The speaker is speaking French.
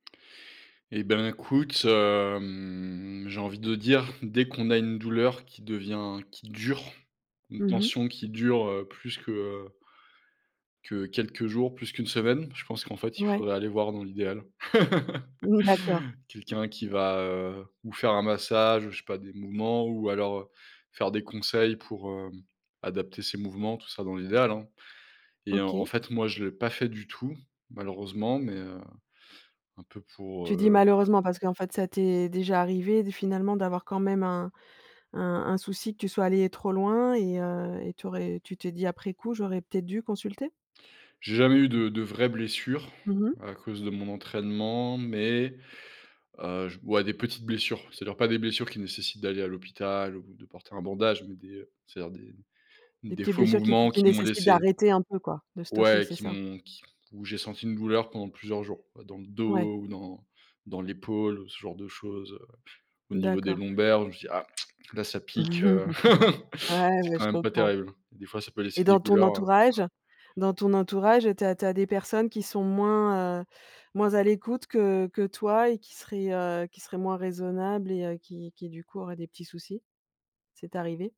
Eh ben, écoute, hem, j'ai envie de dire dès qu'on a une douleur qui devient qui dure, une Mmh mh. tension qui dure, heu, plus que, heu que quelques jours, plus qu'une semaine, je pense qu'en fait, il Ouais. faudrait aller voir dans l'idéal, Mmh, d'accord. quelqu'un qui va, heu, ou faire un massage, je sais pas des mouvements ou alors, heu, faire des conseils pour, hem, adapter ses mouvements, tout ça, dans l'idéal, hein et en en OK. fait, moi, je l'ai pas fait du tout, malheureusement, mais heu, un peu pour, Tu dis, heu malheureusement, parce qu'en fait, ça t'es déjà arrivé d finalement, d'avoir quand même un un un souci que tu sois allé trop loin et heu et tu aurais tu t'es dit, après coup: «J'aurais peut-être dû consulter?» J'ai jamais eu de de vraies blessures Mmh mh. à cause de mon entraînement, mais heu, j ouais, des petites blessures, c'est-à-dire, pas des blessures qui nécessitent d'aller à l'hôpital ou de porter un bandage mais des c'est-à-dire des Des des petites faux blessures qui mouvements qui qui m'ont nécessitent laissé d'arrêter un peu, quoi, de stopper, ouais, c'est qui ça? m'ont qui où j'ai senti une douleur pendant plusieurs jours, dans le Ouais. dos ou dans dans l'épaule, ce genre de choses, heu, au niveau des D'accord. lombaires, je me suis dis: «Ah! Là, ça pique, heu, Ouais, c'est ouais, quand je même pas comprends. terrible», et des fois, ça peut Et laisser des dans ton douleurs, heu entourage ouais. dans ton entourage, tu as tu as des personnes qui sont moins, heu moins à l'écoute que que toi et qui seraient, heu qui seraient moins raisonnables et heu, qui qui du coup, auraient des petits soucis? C'est arrivé?